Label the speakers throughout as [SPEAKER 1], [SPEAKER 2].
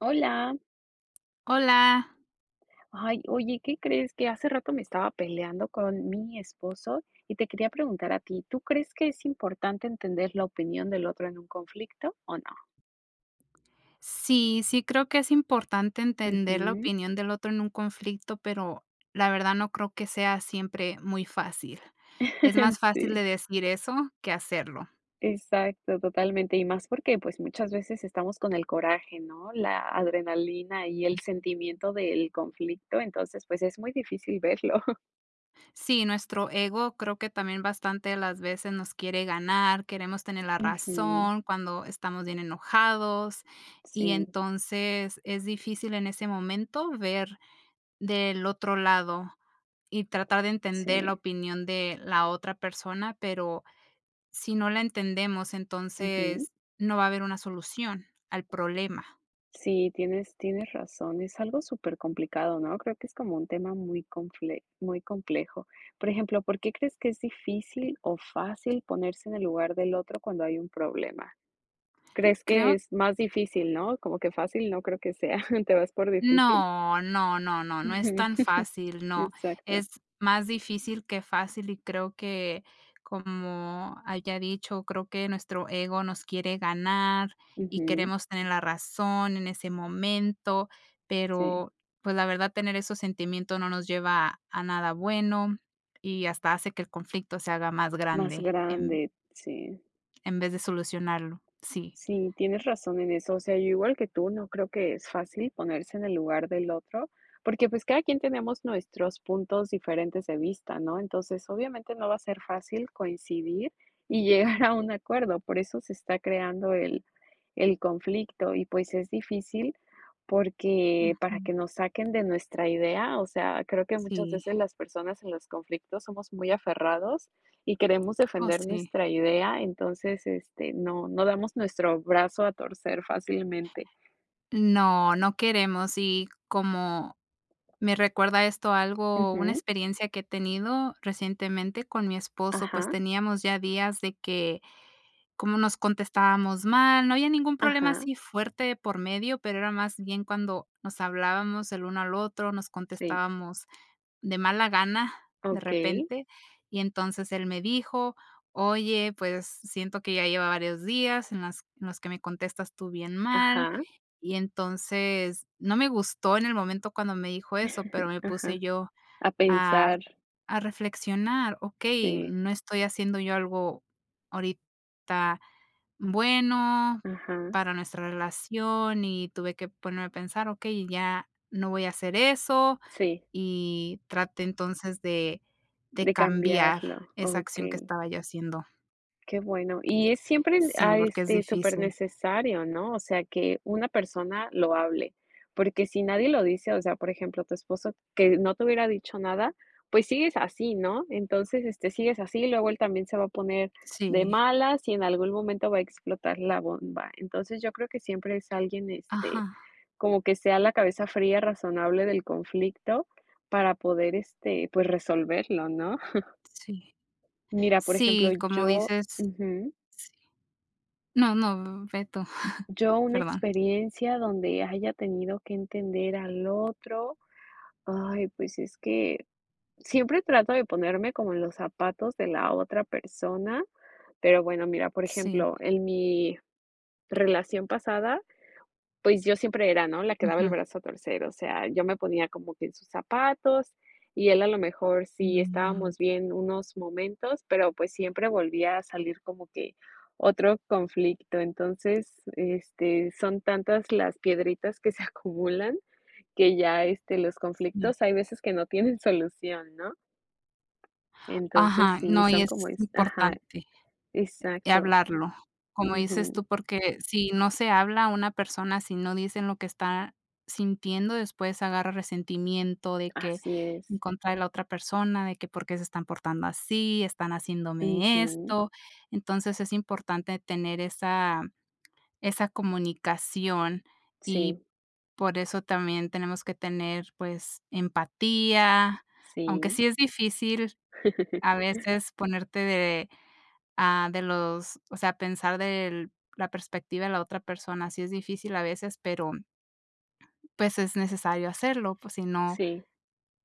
[SPEAKER 1] Hola.
[SPEAKER 2] Hola.
[SPEAKER 1] Ay, oye, ¿qué crees? Que hace rato me estaba peleando con mi esposo, y te quería preguntar a ti, ¿tú crees que es importante entender la opinión del otro en un conflicto, o no?
[SPEAKER 2] Sí, sí creo que es importante entender la
[SPEAKER 1] Ujú.
[SPEAKER 2] opinión del otro en un conflicto, pero la verdad no creo que sea siempre muy fácil. Es más fácil
[SPEAKER 1] Sí.
[SPEAKER 2] de decir eso, que hacerlo.
[SPEAKER 1] Exacto, totalmente, y más porque pues muchas veces estamos con el coraje, ¿no? La adrenalina y el sentimiento del conflicto, entonces pues es muy difícil verlo.
[SPEAKER 2] Sí, nuestro ego creo que también bastante de las veces nos quiere ganar, queremos tener la
[SPEAKER 1] Ujú.
[SPEAKER 2] razón cuando estamos bien enojados y
[SPEAKER 1] Sí.
[SPEAKER 2] entonces es difícil en ese momento ver del otro lado y tratar de entender la
[SPEAKER 1] Sí.
[SPEAKER 2] opinión de la otra persona, pero si no la entendemos
[SPEAKER 1] Ujú.
[SPEAKER 2] entonces no va a haber una solución al problema.
[SPEAKER 1] Sí, tienes tienes razón, es algo supercomplicado, ¿no? Creo que es como un tema muy confle muy complejo. Por ejemplo, ¿por qué crees que es difícil o fácil ponerse en el lugar del otro cuando hay un problema? ¿Crees que
[SPEAKER 2] Creo
[SPEAKER 1] es más difícil, no? Como que fácil no creo que sea. ¿Te vas por difícil?
[SPEAKER 2] No, no, no, no, no es
[SPEAKER 1] Ujú.
[SPEAKER 2] tan fácil, no.
[SPEAKER 1] Exacto.
[SPEAKER 2] Es más difícil que fácil, y creo que, como haya dicho, creo que nuestro ego nos quiere ganar y
[SPEAKER 1] Ujú.
[SPEAKER 2] queremos tener la razón en ese momento,
[SPEAKER 1] Sí.
[SPEAKER 2] pero pues la verdad tener esos sentimientos no nos lleva a nada bueno, y hasta hace que el conflicto se haga más
[SPEAKER 1] Más
[SPEAKER 2] grande en
[SPEAKER 1] grande, sí.
[SPEAKER 2] en vez de solucionarlo, sí.
[SPEAKER 1] Sí, tienes razón en eso, o sea, yo igual que tú, no creo que es fácil ponerse en el lugar del otro, porque, pues, cada quien tenemos nuestros puntos diferentes de vista, ¿no? Entonces, obviamente, no va a ser fácil coincidir y llegar a un acuerdo, por eso se está creando el el conflicto, y pues, es difícil porque para
[SPEAKER 2] Ujú.
[SPEAKER 1] que nos saquen de nuestra idea, o sea, creo que muchas
[SPEAKER 2] Sí.
[SPEAKER 1] veces las personas en los conflictos somos muy aferrados, y queremos
[SPEAKER 2] Oh,
[SPEAKER 1] defender
[SPEAKER 2] sí.
[SPEAKER 1] nuestra idea entonces, este, no no damos nuestro brazo a torcer fácilmente.
[SPEAKER 2] No, no queremos y, como me recuerda esto algo, una
[SPEAKER 1] Ujú.
[SPEAKER 2] experiencia que he tenido recientemente con mi esposo, pues
[SPEAKER 1] Ajá.
[SPEAKER 2] teníamos ya días de que, como nos contestábamos mal, no había ningún problema
[SPEAKER 1] Ajá.
[SPEAKER 2] así fuerte de por medio, pero era más bien cuando nos hablábamos el uno al otro, nos
[SPEAKER 1] Sí.
[SPEAKER 2] contestábamos de mala gana de
[SPEAKER 1] Okey.
[SPEAKER 2] repente, y entonces él me dijo: "Oye, pues, siento que ya lleva varios días en las en los que me contestas tú bien mal".
[SPEAKER 1] Ajá.
[SPEAKER 2] Y entonces no me gustó en el momento cuando me dijo eso, pero me puse
[SPEAKER 1] Ajá,
[SPEAKER 2] yo
[SPEAKER 1] a
[SPEAKER 2] a
[SPEAKER 1] pensar.
[SPEAKER 2] r a reflexionar: "Okey,
[SPEAKER 1] Sí.
[SPEAKER 2] no estoy haciendo yo algo ahorita bueno
[SPEAKER 1] Ajá.
[SPEAKER 2] para nuestra relación". Y tuve que ponerme a pensar: "Okey ya no voy a hacer eso".
[SPEAKER 1] Sí.
[SPEAKER 2] Y traté entonces de de
[SPEAKER 1] De
[SPEAKER 2] cambiar
[SPEAKER 1] cambiarlo,
[SPEAKER 2] esa acción que
[SPEAKER 1] okey.
[SPEAKER 2] estaba yo haciendo.
[SPEAKER 1] Qué bueno. Y es siempre n
[SPEAKER 2] Sí,
[SPEAKER 1] ah,
[SPEAKER 2] porque es
[SPEAKER 1] este,
[SPEAKER 2] difícil.
[SPEAKER 1] supernecesario, ¿no?, o sea que una persona lo hable, porque si nadie lo dice, o sea, por ejemplo, tu esposo, que no te hubiera dicho nada, pues, sigues así, ¿no? Entonces, este, sigues así, luego él también se va a poner de
[SPEAKER 2] Sí.
[SPEAKER 1] malas, y en algún momento va a explotar la bomba. Entonces, yo creo que siempre es alguien, este,
[SPEAKER 2] Ajá.
[SPEAKER 1] como que sea la cabeza fría, razonable del conflicto para poder, este, pues, resolverlo, ¿no?
[SPEAKER 2] Sí.
[SPEAKER 1] Mira, por ejemplo,
[SPEAKER 2] Sí, como
[SPEAKER 1] yo
[SPEAKER 2] dices
[SPEAKER 1] Ujú.
[SPEAKER 2] sí. No, no, v ve tú,
[SPEAKER 1] ¿Yo, una
[SPEAKER 2] perdón.
[SPEAKER 1] experiencia donde haya tenido que entender al otro? Ay, pues, es que siempre trato de ponerme como en los zapatos de la otra persona, pero bueno, mira, por
[SPEAKER 2] Sí.
[SPEAKER 1] ejemplo, en mi relación pasada, pues, yo siempre era, ¿no?, la quedaba el
[SPEAKER 2] Ujú.
[SPEAKER 1] brazo a torcer, o sea, yo me ponía como que en sus zapatos, y él a lo mejor, sí
[SPEAKER 2] Mm.
[SPEAKER 1] estábamos bien unos momentos, pero, pues, siempre volvía a salir como que otro conflicto. Entonces, este, son tantas las piedritas que se acumulan que ya, este, los
[SPEAKER 2] Sí.
[SPEAKER 1] conflictos hay veces que no tienen solución, ¿no? Entonces,
[SPEAKER 2] Ajá,
[SPEAKER 1] sí,
[SPEAKER 2] no, y
[SPEAKER 1] son
[SPEAKER 2] es
[SPEAKER 1] como es Ajá.
[SPEAKER 2] importante, eh,
[SPEAKER 1] Exacto.
[SPEAKER 2] hablarlo, como dices
[SPEAKER 1] Ujú.
[SPEAKER 2] tú, porque si no se habla, una persona, si no dicen lo que está sintiendo, después agarra resentimiento de que
[SPEAKER 1] Así es.
[SPEAKER 2] en contra de la otra persona, de que por qué se están portando así, están haciéndome
[SPEAKER 1] Ujú.
[SPEAKER 2] esto. Entonces, es importante tener esa esa comunicación, y
[SPEAKER 1] Sí.
[SPEAKER 2] por eso también tenemos que tener, pues, empatía, aunque
[SPEAKER 1] Sí.
[SPEAKER 2] sí es difícil a veces ponerte de a de los o sea, pensar del la perspectiva de la otra persona, sí es difícil a veces, pero pues, es necesario hacerlo, pues, si no,
[SPEAKER 1] Sí.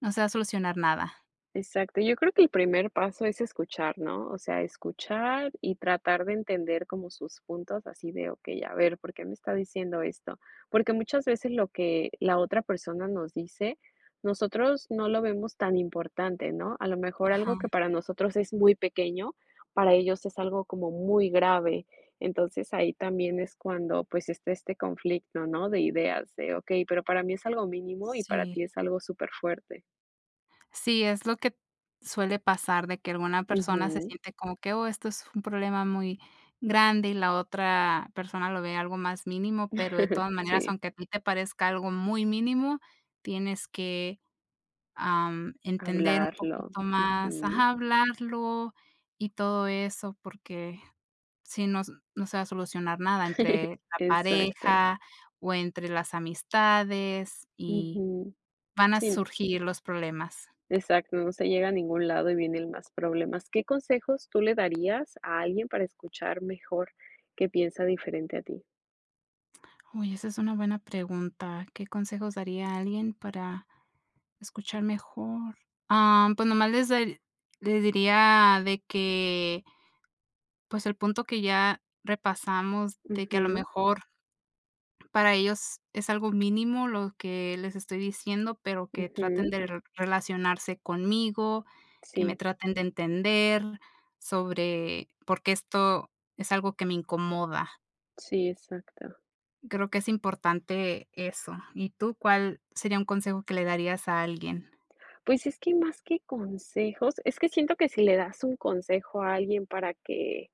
[SPEAKER 2] no se va a solucionar nada.
[SPEAKER 1] Exacto, yo creo que el primer paso es escuchar, ¿no?, o sea, escuchar y tratar de entender como sus puntos, así de: "Okey, a ver, ¿por qué me está diciendo esto?", porque muchas veces lo que la otra persona nos dice, nosotros no lo vemos tan importante, ¿no? A lo mejor, algo que
[SPEAKER 2] Ajá.
[SPEAKER 1] para nosotros es muy pequeño, para ellos es algo como muy grave. Entonces, ahí también es cuando, pues, está este conflicto ¿no?, de ideas, de: "Okey, pero para mí es algo mínimo, y para ti
[SPEAKER 2] Sí.
[SPEAKER 1] es algo superfuerte".
[SPEAKER 2] Sí, es lo que suele pasar, de que alguna persona se
[SPEAKER 1] Ujú.
[SPEAKER 2] siente como que "Oh, esto es un problema muy grande", y la otra persona lo ve algo más mínimo, pero de todas maneras,
[SPEAKER 1] Sí.
[SPEAKER 2] aunque a ti te parezca algo muy mínimo tienes que, am, entender un
[SPEAKER 1] Hablarlo,
[SPEAKER 2] poquito más
[SPEAKER 1] ujú.
[SPEAKER 2] Ajá, hablarlo, y todo eso porque si no s no se va a solucionar nada entre la
[SPEAKER 1] Exacto.
[SPEAKER 2] pareja o entre las amistades, y
[SPEAKER 1] Ujú.
[SPEAKER 2] van a
[SPEAKER 1] Sí.
[SPEAKER 2] surgir los problemas.
[SPEAKER 1] Exacto, no se llega a ningún lado y vienen más problemas. ¿Qué consejos tú le darías a alguien para escuchar mejor qué piensa diferente a ti?
[SPEAKER 2] Uy, esa es una buena pregunta, ¿qué consejos daría a alguien para escuchar mejor? Ah, pues nada más les darí les diría de que pues, el punto que ya repasamos, de que, a lo
[SPEAKER 1] Ujú.
[SPEAKER 2] mejor para ellos, es algo mínimo lo que les estoy diciendo, pero que traten
[SPEAKER 1] Ujú.
[SPEAKER 2] de r relacionarse conmigo, que me
[SPEAKER 1] Sí.
[SPEAKER 2] traten de entender sobre por qué esto es algo que me incomoda.
[SPEAKER 1] Sí, exacto.
[SPEAKER 2] Creo que es importante, eso. Y tú, ¿cuál sería un consejo que le darías a alguien?
[SPEAKER 1] Pues, es que, más que consejos es que siento que, si le das un consejo a alguien, para que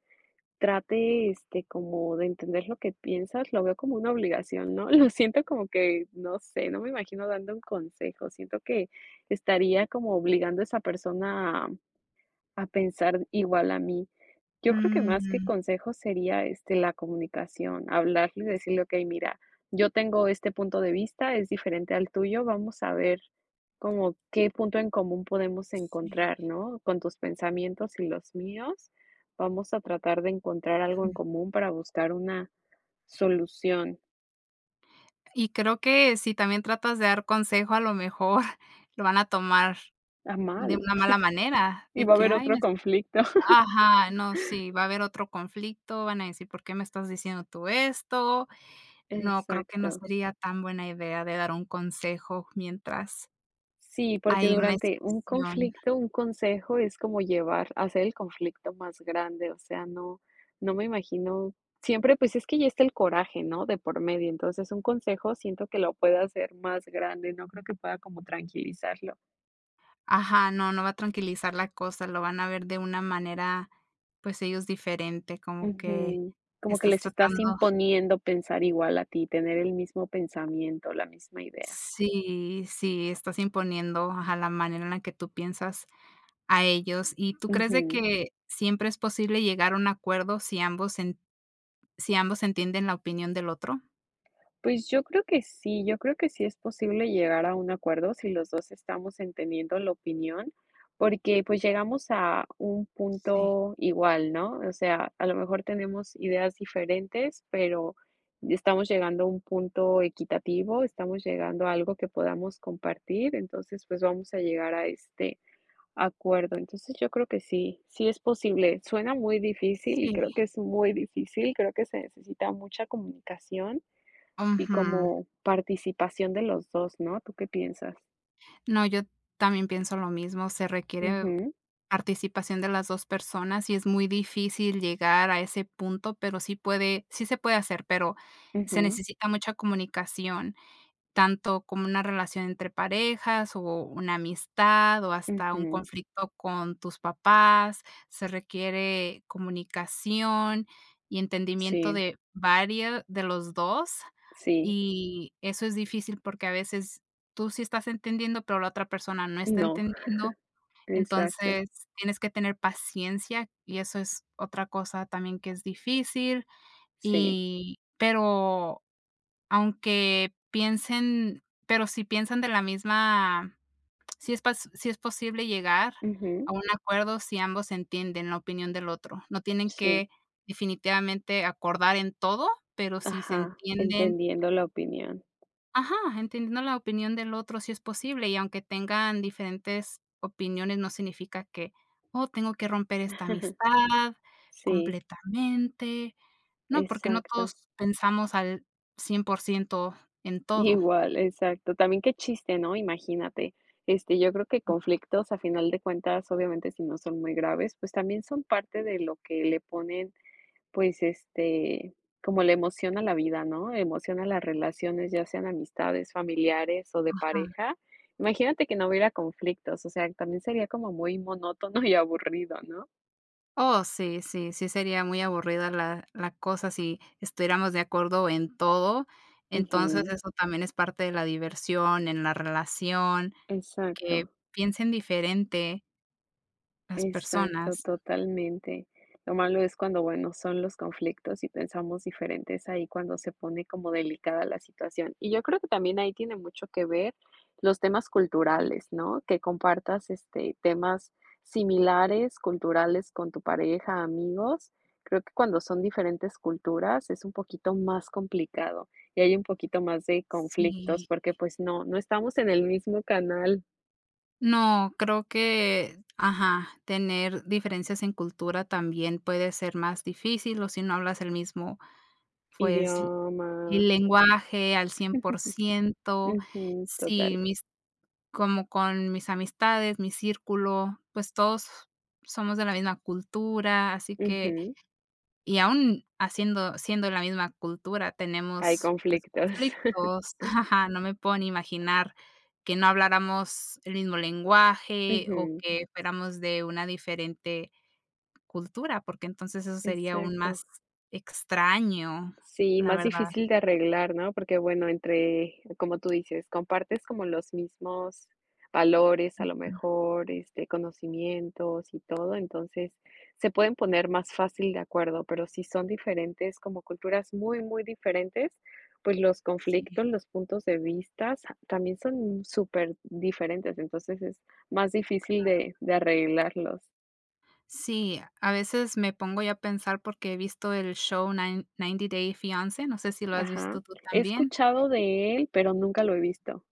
[SPEAKER 1] trate, este, como de entender lo que piensas, lo veo como una obligación, ¿no? Lo siento, como que, no sé. No me imagino, dando un consejo. Siento que, estaría como, obligando a esa persona, a a pensar igual a mí. Yo creo, que más que
[SPEAKER 2] Mm.
[SPEAKER 1] consejos, sería, este, la comunicación, hablarle y decirle: "Okey, mira, yo tengo este punto de vista. Es diferente al tuyo. Vamos a ver, como qué punto en común, podemos
[SPEAKER 2] Sí.
[SPEAKER 1] encontrar, ¿no?, con tus pensamientos y los míos, vamos a tratar, de encontrar algo en
[SPEAKER 2] Ujú.
[SPEAKER 1] común, para buscar una solución.
[SPEAKER 2] Y creo que, si también tratas de dar consejo, a lo mejor, lo van a tomar
[SPEAKER 1] Ah,
[SPEAKER 2] de
[SPEAKER 1] mal.
[SPEAKER 2] una mala manera,
[SPEAKER 1] Y
[SPEAKER 2] de
[SPEAKER 1] va a
[SPEAKER 2] que:
[SPEAKER 1] haber
[SPEAKER 2] "Ay
[SPEAKER 1] otro
[SPEAKER 2] me es".
[SPEAKER 1] conflicto.
[SPEAKER 2] Ajá, no, sí. Va a haber otro conflicto, van a decir: "¿Por qué me estás diciendo tú esto?". No, creo que no
[SPEAKER 1] Exacto.
[SPEAKER 2] sería tan buena idea de dar un consejo, mientras
[SPEAKER 1] Sí, porque
[SPEAKER 2] hay una
[SPEAKER 1] durante un
[SPEAKER 2] discusión.
[SPEAKER 1] conflicto, un consejo, es como llevar hacer el conflicto más grande. O sea, no, no me imagino. Siempre, pues, es que ya está el coraje, ¿no?, de por medio. Entonces, un consejo, siento que lo puedo hacer más grande. No creo que pueda como tranquilizarlo.
[SPEAKER 2] Ajá, no, no va a tranquilizar la cosa, lo van a ver de una manera pues ellos diferente, como que
[SPEAKER 1] Ujú, como que
[SPEAKER 2] estás
[SPEAKER 1] les estás
[SPEAKER 2] tratando
[SPEAKER 1] imponiendo pensar igual a ti, tener el mismo pensamiento, la misma idea.
[SPEAKER 2] Sí, sí, estás imponiendo a la manera en la que tú piensas a ellos, ¿y tú crees de
[SPEAKER 1] Ujú.
[SPEAKER 2] que siempre es posible llegar a un acuerdo si ambos en si ambos entienden la opinión del otro?
[SPEAKER 1] Pues yo creo que sí, yo creo que sí es posible llegar a un acuerdo si los 2 estamos entendiendo la opinión, porque pues llegamos a un
[SPEAKER 2] Sí.
[SPEAKER 1] punto igual, ¿no? O sea, a lo mejor tenemos ideas diferentes, pero estamos llegando a un punto equitativo, estamos llegando a algo que podamos compartir, entonces, pues vamos a llegar a este acuerdo. Entonces, yo creo que sí, sí es posible. Suena muy difícil, y
[SPEAKER 2] Sí.
[SPEAKER 1] creo que es muy difícil, creo que se necesita mucha comunicación, y
[SPEAKER 2] Ujú.
[SPEAKER 1] como participación de los 2, ¿no? ¿Tú qué piensas?
[SPEAKER 2] No, yo también pienso lo mismo, se requiere
[SPEAKER 1] Ujú.
[SPEAKER 2] participación de las 2 personas y es muy difícil llegar a ese punto, pero sí puede, sí se puede hacer, pero se
[SPEAKER 1] Ujú.
[SPEAKER 2] necesita mucha comunicación tanto como una relación entre parejas, o una amistad, o hasta un
[SPEAKER 1] Ujú.
[SPEAKER 2] conflicto con tus papás. Se requiere comunicación y entendimiento
[SPEAKER 1] Sí.
[SPEAKER 2] de vario de los 2
[SPEAKER 1] Sí.
[SPEAKER 2] y eso es difícil porque a veces tú sí estás entendiendo, pero la otra persona no está
[SPEAKER 1] No,
[SPEAKER 2] entendiendo,
[SPEAKER 1] exacto.
[SPEAKER 2] entonces tienes que tener paciencia y eso es otra cosa también que es difícil,
[SPEAKER 1] Sí.
[SPEAKER 2] y pero aunque piensen pero si piensan de la misma, si es pas si es posible llegar
[SPEAKER 1] Ujú.
[SPEAKER 2] a un acuerdo si ambos entienden la opinión del otro, no tienen
[SPEAKER 1] Sí.
[SPEAKER 2] que definitivamente acordar en todo, pero si se
[SPEAKER 1] Ajá,
[SPEAKER 2] entienden
[SPEAKER 1] entendiendo la opinión.
[SPEAKER 2] ajá, entendiendo la opinión del otro sí es posible, y aunque tengan diferentes opiniones no significa que: "Oh tengo que romper esta amistad
[SPEAKER 1] Sí.
[SPEAKER 2] completamente", ¿no?, porque no
[SPEAKER 1] Exacto.
[SPEAKER 2] todos pensamos al 100% en todo.
[SPEAKER 1] Igual, exacto. También qué chiste, ¿no?, imagínate, este, yo creo que
[SPEAKER 2] Ujú.
[SPEAKER 1] conflictos a final de cuentas, obviamente, si no son muy graves, pues también son parte de lo que le ponen, pues este como la emoción a la vida, ¿no? Emoción a las relaciones, ya sean amistades, familiares o de
[SPEAKER 2] Ajá.
[SPEAKER 1] pareja, imagínate que no hubiera conflictos, o sea también sería como muy monótono y aburrido, ¿no?
[SPEAKER 2] Oh, sí, sí, sí sería muy aburrida la la cosa si estuviéramos de acuerdo en todo. Entonces
[SPEAKER 1] Ujú.
[SPEAKER 2] eso también es parte de la diversión en la relación,
[SPEAKER 1] Exacto.
[SPEAKER 2] que piensen diferente las
[SPEAKER 1] Exacto,
[SPEAKER 2] personas.
[SPEAKER 1] totalmente. Lo malo es cuando bueno son los conflictos y pensamos diferente, es ahí cuando se pone como delicada la situación. Y yo creo que también ahí tiene mucho que ver los temas
[SPEAKER 2] Sí.
[SPEAKER 1] culturales, ¿no?, que compartas, este, temas similares, culturales con tu pareja, amigos. Creo que cuando son diferentes culturas es un poquito más complicado y hay un poquito más de conflictos
[SPEAKER 2] Sí.
[SPEAKER 1] porque pues no, no estamos en el mismo canal.
[SPEAKER 2] No, creo que Ajá. Tener diferencias en cultura, también puede ser más difícil. O si no hablas el mismo pues, l
[SPEAKER 1] Idioma.
[SPEAKER 2] el lenguaje al cien por ciento
[SPEAKER 1] Ujú.
[SPEAKER 2] Sí,
[SPEAKER 1] Total.
[SPEAKER 2] mis como con mis amistades, mi círculo, pues todos, somos de la misma cultura, así que
[SPEAKER 1] Ujú.
[SPEAKER 2] y aún, haciendo siendo la misma cultura,
[SPEAKER 1] Hay
[SPEAKER 2] tenemos, pues
[SPEAKER 1] conflictos.
[SPEAKER 2] conflictos. No me puedo ni imaginar, que no habláramos el mismo lenguaje, o
[SPEAKER 1] Ujú.
[SPEAKER 2] que fuéramos de una diferente cultura, porque entonces, eso sería aún
[SPEAKER 1] Exacto.
[SPEAKER 2] más extraño.
[SPEAKER 1] Sí,
[SPEAKER 2] La
[SPEAKER 1] más
[SPEAKER 2] verdad.
[SPEAKER 1] difícil de arreglar, ¿no? Porque, bueno, entre como tú dices, compartes como los mismos valores, a lo
[SPEAKER 2] Ujú.
[SPEAKER 1] mejor. Este, conocimientos y todo. Entonces, se pueden poner más fácil de acuerdo. Pero, si son diferentes, como culturas muy, muy diferentes, pues los
[SPEAKER 2] Sí.
[SPEAKER 1] conflictos, los puntos de vistas, también son súper diferentes. Entonces, es más difícil
[SPEAKER 2] Claro.
[SPEAKER 1] de de arreglarlos.
[SPEAKER 2] Sí, a veces me pongo yo a pensar porque he visto el show nine Ninety Day Fiancé, ¿no sé si lo has
[SPEAKER 1] Ajá.
[SPEAKER 2] visto tú
[SPEAKER 1] He
[SPEAKER 2] también?
[SPEAKER 1] escuchado de él, pero nunca lo he visto.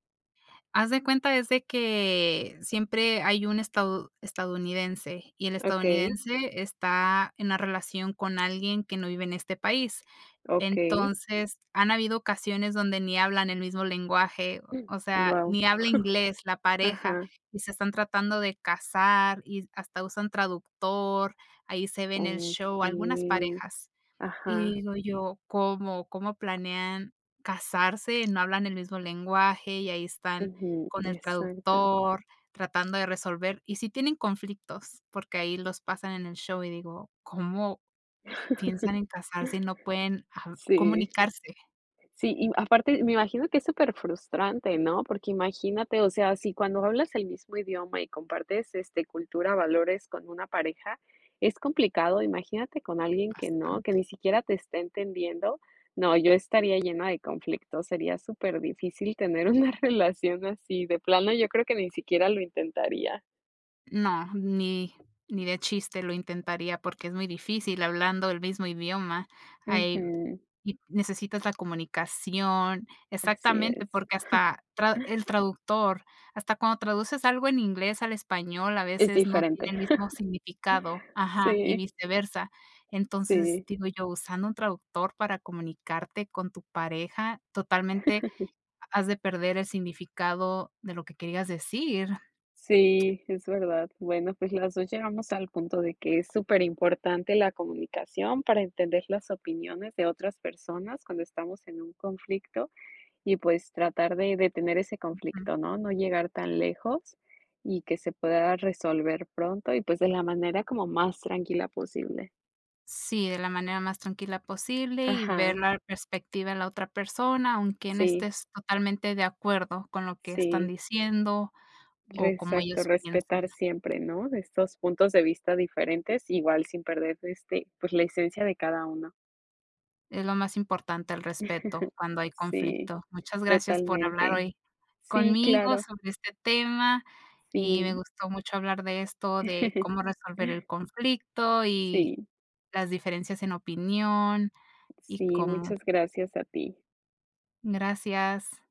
[SPEAKER 2] Haz de cuenta es de que siempre hay un estado estadounidense, y el
[SPEAKER 1] Okey.
[SPEAKER 2] estadounidense está en una relación con alguien que no vive en este país.
[SPEAKER 1] Okey.
[SPEAKER 2] Entonces han habido ocasiones donde ni hablan el mismo lenguaje, o
[SPEAKER 1] Guau.
[SPEAKER 2] sea, ni habla inglés la pareja
[SPEAKER 1] Ajá.
[SPEAKER 2] y se están tratando de casar, y hasta usan traductor, ahí se ve en el show, algunas
[SPEAKER 1] Okey.
[SPEAKER 2] parejas. Y
[SPEAKER 1] Ajá.
[SPEAKER 2] digo yo, ¿cómo cómo planean casarse, no hablan el mismo lenguaje, y ahí están
[SPEAKER 1] Ujú,
[SPEAKER 2] con el
[SPEAKER 1] exacto.
[SPEAKER 2] traductor tratando de resolver, y sí tienen conflictos porque ahí los pasan en el show y digo, ¿cómo piensan en casarse y no pueden hab
[SPEAKER 1] Sí.
[SPEAKER 2] comunicarse?
[SPEAKER 1] Sí, y aparte me imagino que es superfrustrante, ¿no?, porque imagínate, o sea, si cuando hablas el mismo idioma y compartes, este, cultura, valores con una pareja, es complicado, imagínate con alguien que no, que
[SPEAKER 2] Bastante.
[SPEAKER 1] ni siquiera te esté entendiendo. No, yo estaría llena de conflicto, sería superdificil tener una relación así. De plano yo creo que ni siquiera lo intentaría.
[SPEAKER 2] No, ni ni de chiste lo intentaría porque es muy difícil hablando el mismo idioma. Hay
[SPEAKER 1] Ujú.
[SPEAKER 2] y necesitas la comunicación.
[SPEAKER 1] Así
[SPEAKER 2] Exactamente,
[SPEAKER 1] es.
[SPEAKER 2] porque hasta tra el traductor hasta cuando traduces algo en inglés al español a
[SPEAKER 1] Es
[SPEAKER 2] veces no tiene
[SPEAKER 1] diferente.
[SPEAKER 2] el mismo significado. Ajá y
[SPEAKER 1] Sí.
[SPEAKER 2] viceversa. Entonces
[SPEAKER 1] Sí.
[SPEAKER 2] digo yo usando un traductor para comunicarte con tu pareja totalmente has de perder el significado de lo que querías decir.
[SPEAKER 1] Sí, es verdad. Bueno, pues las 2 llegamos al punto de que es superimportante la comunicación para entender las opiniones de otras personas cuando estamos en un conflicto, y pues, tratar de detener ese
[SPEAKER 2] Ujú.
[SPEAKER 1] conflicto, ¿no?, no llegar tan lejos y que se pueda resolver pronto, y pues de la manera como más tranquila posible.
[SPEAKER 2] Sí, de la manera más tranquila posible, y ver
[SPEAKER 1] Ajá.
[SPEAKER 2] la perspectiva en la otra persona, aunque no
[SPEAKER 1] Sí.
[SPEAKER 2] estés totalmente de acuerdo con lo que están
[SPEAKER 1] Sí.
[SPEAKER 2] diciendo,
[SPEAKER 1] Re
[SPEAKER 2] o como
[SPEAKER 1] Exacto,
[SPEAKER 2] ellos piensan.
[SPEAKER 1] respetar siempre, ¿no?, de estos puntos de vista diferentes, igual sin perder, este, pues la esencia de cada uno.
[SPEAKER 2] Es lo más importante el respeto cuando hay
[SPEAKER 1] Sí,
[SPEAKER 2] conflicto. Muchas gracias por hablar
[SPEAKER 1] totalmente.
[SPEAKER 2] hoy
[SPEAKER 1] Sí,
[SPEAKER 2] conmigo
[SPEAKER 1] claro.
[SPEAKER 2] sobre este tema, y me
[SPEAKER 1] Sí.
[SPEAKER 2] gustó mucho hablar de esto de cómo resolver el conflicto y
[SPEAKER 1] Sí.
[SPEAKER 2] las diferencias en opinión, y
[SPEAKER 1] Sí,
[SPEAKER 2] cómo
[SPEAKER 1] muchas gracias a ti.
[SPEAKER 2] Gracias.